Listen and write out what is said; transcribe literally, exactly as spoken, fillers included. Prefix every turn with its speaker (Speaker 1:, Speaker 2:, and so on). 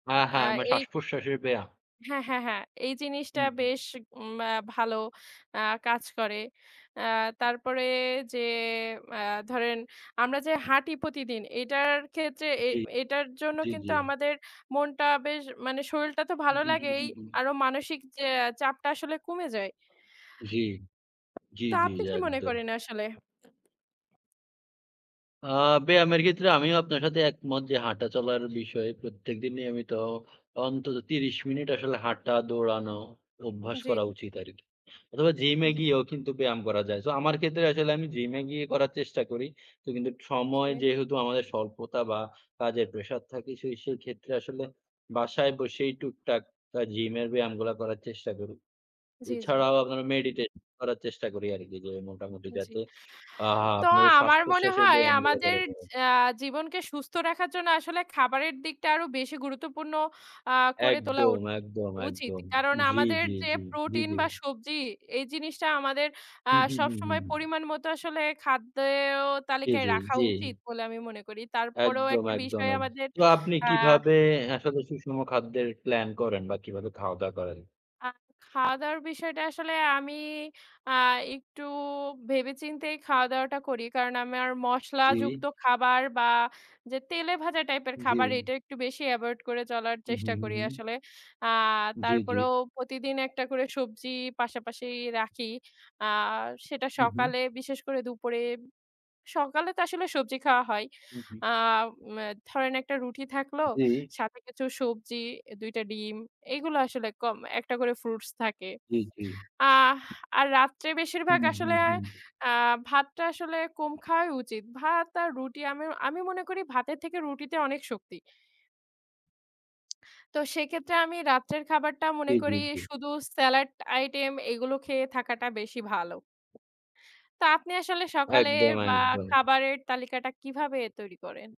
Speaker 1: হা, হা।
Speaker 2: অ্যা
Speaker 1: আমা
Speaker 2: এই
Speaker 1: শ্বাসপ্রশ্বাসের ব্যায়া
Speaker 2: হ্যাঁ, হ্যাঁ, হ্যাঁ। এই জিনিসটা
Speaker 1: হুম, হুম।
Speaker 2: বেশ ম্যা ভালো অ্যা কাজ করে। অ্যা তারপরে যে অ্যা ধরেন আমরা যে হাঁটি প্রতিদিন, এইটার ক্ষেত্রে এ
Speaker 1: জ্বী,
Speaker 2: এইটার জন্য
Speaker 1: জ্বী,
Speaker 2: কিন্তু
Speaker 1: জ্বী।
Speaker 2: আমাদের মনটা বেশ মানে শরীলটা তো
Speaker 1: হুম,
Speaker 2: ভালো
Speaker 1: হুম, হুম,
Speaker 2: লাগেই।
Speaker 1: হুম, হুম।
Speaker 2: আরো মানসিক যে আ চাপটা আসলে কমে যায়।
Speaker 1: জ্বি, জ্বি,
Speaker 2: তো
Speaker 1: জ্বি
Speaker 2: আপনি কি মনে
Speaker 1: একদম।
Speaker 2: করেন আসলে?
Speaker 1: আ ব্যায়ামের ক্ষেত্রে আমিও আপনার সাথে একমত। যে হাঁটা চলার বিষয়ে প্রত্যেকদিন নিয়মিত অন্তত ত্রিশ মিনিট আসলে হাঁটা, দৌড়ানো অভ্যাস
Speaker 2: জ্বী।
Speaker 1: করা উচিত আরকি। অথবা জিমে
Speaker 2: জি।
Speaker 1: গিয়েও কিন্তু ব্যায়াম করা যায়। সো আমার ক্ষেত্রে আসলে আমি জিমে গিয়ে করার চেষ্টা করি। তো কিন্তু সময়
Speaker 2: জ্বী।
Speaker 1: যেহেতু আমাদের স্বল্পতা বা কাজের প্রেশার থাকে সেই, সেই ক্ষেত্রে আসলে বাসায় বসেই টুকটাক তা জিমের ব্যায়ামগুলা করার চেষ্টা করি।
Speaker 2: জ্বী, জ্বী।
Speaker 1: এছাড়াও আপনার মেডিটে করার চেষ্টা করি আরকি যে মোটামুটি
Speaker 2: আ জি।
Speaker 1: যাতে আ
Speaker 2: তো
Speaker 1: আপনার ওই
Speaker 2: আমার মনে
Speaker 1: শ্বাসপ্রশ্বাসের
Speaker 2: হয়
Speaker 1: ব্যায়ামগুলো
Speaker 2: আমাদের
Speaker 1: করা যায়।
Speaker 2: অ্যা জীবনকে সুস্থ রাখার জন্য আসলে খাবারের দিকটা আরো বেশি গুরুত্বপূর্ণ আ করে তোলা
Speaker 1: একদম,
Speaker 2: উট ও
Speaker 1: একদম,
Speaker 2: উচিত।
Speaker 1: একদম।
Speaker 2: কারণ
Speaker 1: জ্বি,
Speaker 2: আমাদের
Speaker 1: জ্বি,
Speaker 2: যে
Speaker 1: জ্বি, জ্বি,
Speaker 2: প্রোটিন
Speaker 1: জ্বি।
Speaker 2: বা সবজি এই জিনিসটা আমাদের আ
Speaker 1: হুম, হুম, হুম, হুম,
Speaker 2: সবসময়
Speaker 1: হুম।
Speaker 2: পরিমাণ মতো আসলে খাদ্যে ও
Speaker 1: জ্বি,
Speaker 2: তালিকায়
Speaker 1: জ্বি,
Speaker 2: রাখা
Speaker 1: জ্বি।
Speaker 2: উচিত বলে আমি মনে করি। তারপরেও
Speaker 1: একদম,
Speaker 2: একটা
Speaker 1: একদম,
Speaker 2: বিষয়
Speaker 1: একদ
Speaker 2: আমাদের
Speaker 1: তো আপনি
Speaker 2: আ
Speaker 1: কিভাবে আসলে সুষম খাদ্যের প্লান করেন বা কিভাবে খাওয়া-দাওয়া করেন?
Speaker 2: আ খাওয়া-দাওয়ার বিষয়টা আসলে আমি আ ইকটু ভেবে চিন্তেই খাওয়া দাওয়াটা করি। কারণ আমেয়ার মশলা
Speaker 1: জ্বী।
Speaker 2: যুক্ত খাবার বা যে তেলে-ভাজা টাইপের খাবার,
Speaker 1: জ্বী।
Speaker 2: এইটা একটু বেশি এভয়েড করে চলার
Speaker 1: হুম,
Speaker 2: চেষ্টা
Speaker 1: হুম,
Speaker 2: করি
Speaker 1: হুম।
Speaker 2: আসলে। আ
Speaker 1: জ্বি, জ্বি।
Speaker 2: তারপরেও প্রতিদিন একটা করে সবজি পাশাপাশি রাখি। আ সেটা
Speaker 1: হু, হু।
Speaker 2: সকালে বিশেষ করে দুপুরে সকালে তো আসলে সবজি খাওয়া হয়।
Speaker 1: হু, হু।
Speaker 2: আ মে ধরেন একটা রুটি থাকলো।
Speaker 1: জ্বী।
Speaker 2: সাথে কিছু সবজি, এ দুই টা ডিম, এইগুলো আসলে কম, একটা করে ফ্রুটস থাকে।
Speaker 1: জ্বী, জ্বী।
Speaker 2: আহ আর রাত্রে বেশিরভাগ
Speaker 1: হুম, হুম,
Speaker 2: আসলে
Speaker 1: হুম।
Speaker 2: আ ভাতটা আসলে কম খাওয়াই উচিত। ভাত আর রুটি আমি আমি মনে করি ভাতের থেকে রুটিতে অনেক শক্তি। তো সেক্ষেত্রে আমি রাত্রের খাবারটা মনে
Speaker 1: জ্বী,
Speaker 2: করি
Speaker 1: জ্বী, জ্বী।
Speaker 2: শুধু স্যালাট আইটেম, এইগুলো খেয়ে থাকাটা বেশি ভালো। তা আপনি আসলে সকালের
Speaker 1: একদম,
Speaker 2: বা
Speaker 1: একদম।
Speaker 2: খাবারের তালিকাটা কিভাবে তৈরি করেন?